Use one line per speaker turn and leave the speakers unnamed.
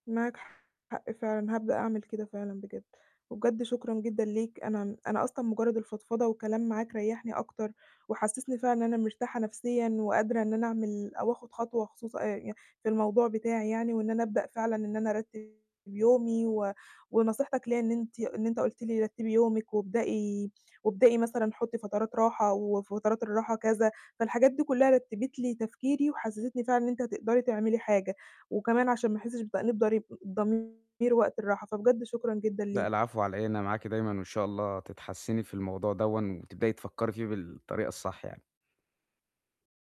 معاك حق فعلًا، هابدأ أعمل كده فعلًا بجد. وبجد شكرًا جدًا ليك، أنا أنا أصلًا مجرد الفضفضة والكلام معاك ريحني أكتر، وحسسني فعلًا إن أنا مرتاحة نفسيًا وقادرة إن أنا أعمل أو آخد خطوة خصوصً أ يعني في الموضوع بتاعي يعني، وإن أنا أبدأ فعلًاً إن أنا أرتب يومي و ونصيحتك ليَّ إن أنتِ إن أنت قلت لي رتِّبي يومِك وابدئي وابدئي مثلًا حُطِّي فترات راحة، وفترات الراحة كذا. فالحاجات دي كلها رتبت لي تفكيري وحسستني فعلًاً إن أنتِ هتقدري تعملي حاجة، وكمان عشان ما أحسش بتأنيب ضريب ضمير وقت الراحة. فبجد شكرًا جدًا
لأ
ليك.
العفو على إيه، أنا معاكِ دايمًا وإن شاء الله تتحسني في الموضوع دوًا وتبدئي تفكري فيه بالطريقة الصح يعني.